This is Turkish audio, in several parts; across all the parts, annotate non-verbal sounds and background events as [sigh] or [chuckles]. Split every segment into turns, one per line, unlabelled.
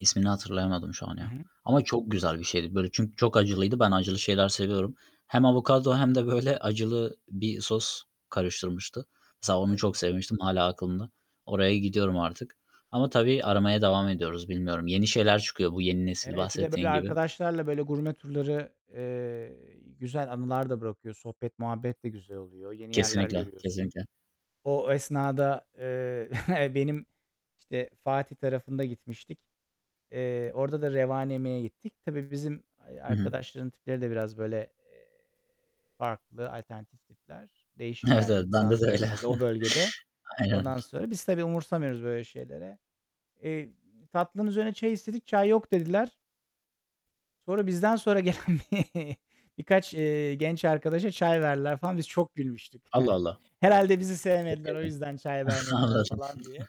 İsmini hatırlayamadım şu an
Hı
ya.
hı.
Ama çok güzel bir şeydi böyle çünkü çok acılıydı. Ben acılı şeyler seviyorum. Hem avokado hem de böyle acılı bir sos karıştırmıştı. Mesela onu
Evet.
çok sevmiştim. Hâlâ aklımda. Oraya gidiyorum artık. Ama tabii aramaya devam ediyoruz. Bilmiyorum, yeni şeyler çıkıyor bu yeni nesil
Evet, bir de böyle,
bahsettiğin gibi.
arkadaşlarla böyle gurme turları, eee, güzel anılar da bırakıyor. Sohbet, muhabbet de güzel oluyor. Yeni yerler
Kesinlikle,
görüyorsun.
kesinlikle.
O esnada, eee, [chuckles] benim işte, Fatih tarafında gitmiştik. Eee, orada da revani yemeye gittik. Tabii bizim, ay
Hı hı.
arkadaşların tipleri de biraz böyle, farklı, alternatif tipler. Değişik
Evet,
geldi
evet, bende de
insanlara
öyle.
herhâlde o bölgede.
Aynen.
Ondan sonra biz tabii umursamıyoruz böyle şeylere. Eee, tatlının üzerine çay istedik. "Çay yok." dediler. Sonra bizden sonra gelen birkaç, eee, genç arkadaşa çay verdiler falan. Biz çok gülmüştük.
Allah
[chuckles]
Allah!
Herhâlde bizi sevmediler, o yüzden çay
[unintelligible]
vermediler
Anladım.
falan diye.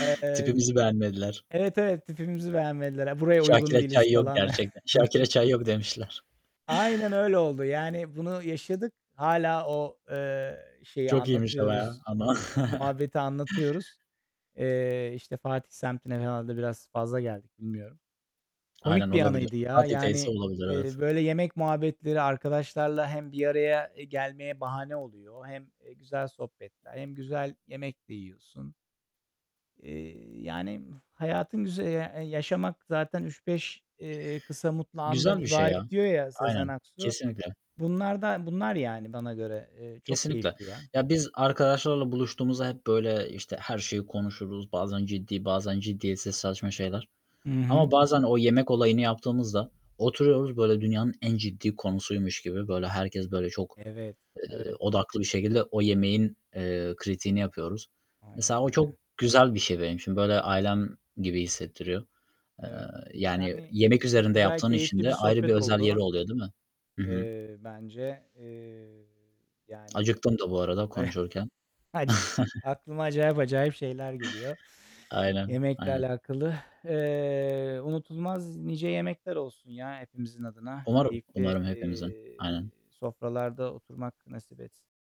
Eee,
Tipimizi beğenmediler.
evet, evet, tipimizi beğenmediler ya. Buraya uygun
Şakir'e
değiliz
çay yok
falan.
gerçekten. "Şakir'e
[chuckles]
çay yok" demişler.
Aynen öyle oldu. Yani bunu yaşadık. Hâlâ o, eee, şeyi
Çok iyiymiş ama ya
anlatıyoruz,
ama.
[unintelligible] muhabbeti
[chuckles]
anlatıyoruz. Eee, işte, Fatih semtine herhâlde biraz fazla geldik, bilmiyorum.
Aynen
Komik bir
olabilir.
anıydı ya.
Fatih'teyse
Yani,
olabilir. Evet.
eee, böyle yemek muhabbetleri arkadaşlarla hem bir araya gelmeye bahane oluyor, hem, eee, güzel sohbetler hem güzel yemek de yiyorsun. Eee, yani hayatın güz e eee, "Yaşamak zaten 3-5", eee, "kısa mutlu andan
Güzel bir şey ya.
ibaret" diyor ya Sezen
Aynen.
Aksu.
Kesinlikle.
Bunlar da bunlar yani bana göre. Eee, çok
Kesinlikle.
keyifli ya.
Ya, biz arkadaşlarla buluştuğumuzda hep böyle, işte, her şeyi konuşuruz. Bazen ciddi, bazen ciddiyetsiz saçma şeyler.
Hı
Ama
hı.
bazen o yemek olayını yaptığımızda oturuyoruz, böyle dünyanın en ciddi konusuymuş gibi, böyle, herkes, böyle, çok,
Evet,
eee,
evet.
odaklı bir şekilde o yemeğin, eee, kritiğini yapıyoruz.
Aynen
Mesela o çok
öyle.
güzel bir şey benim için. Böyle ailem gibi hissettiriyor. Eee,
Evet.
yani,
Yani
yemek
çok
üzerinde
güzel,
yaptığın için
keyifli bir
de ayrı bir
sohbet
özel
oldu.
yeri oluyor, değil mi? Hı hı.
Eee, bence. Eee, yani
Acıktım da bu arada konuşurken.
[chuckles] aca
[chuckles]
aklıma acayip acayip şeyler geliyor [inhales]
Aynen,
yemekle
aynen.
alakalı. Eee, unutulmaz nice yemekler olsun ya hepimizin adına.
Umarım,
Keyifli,
umarım hepimizin.
eee,
Aynen.
sofralarda oturmak nasip etsin.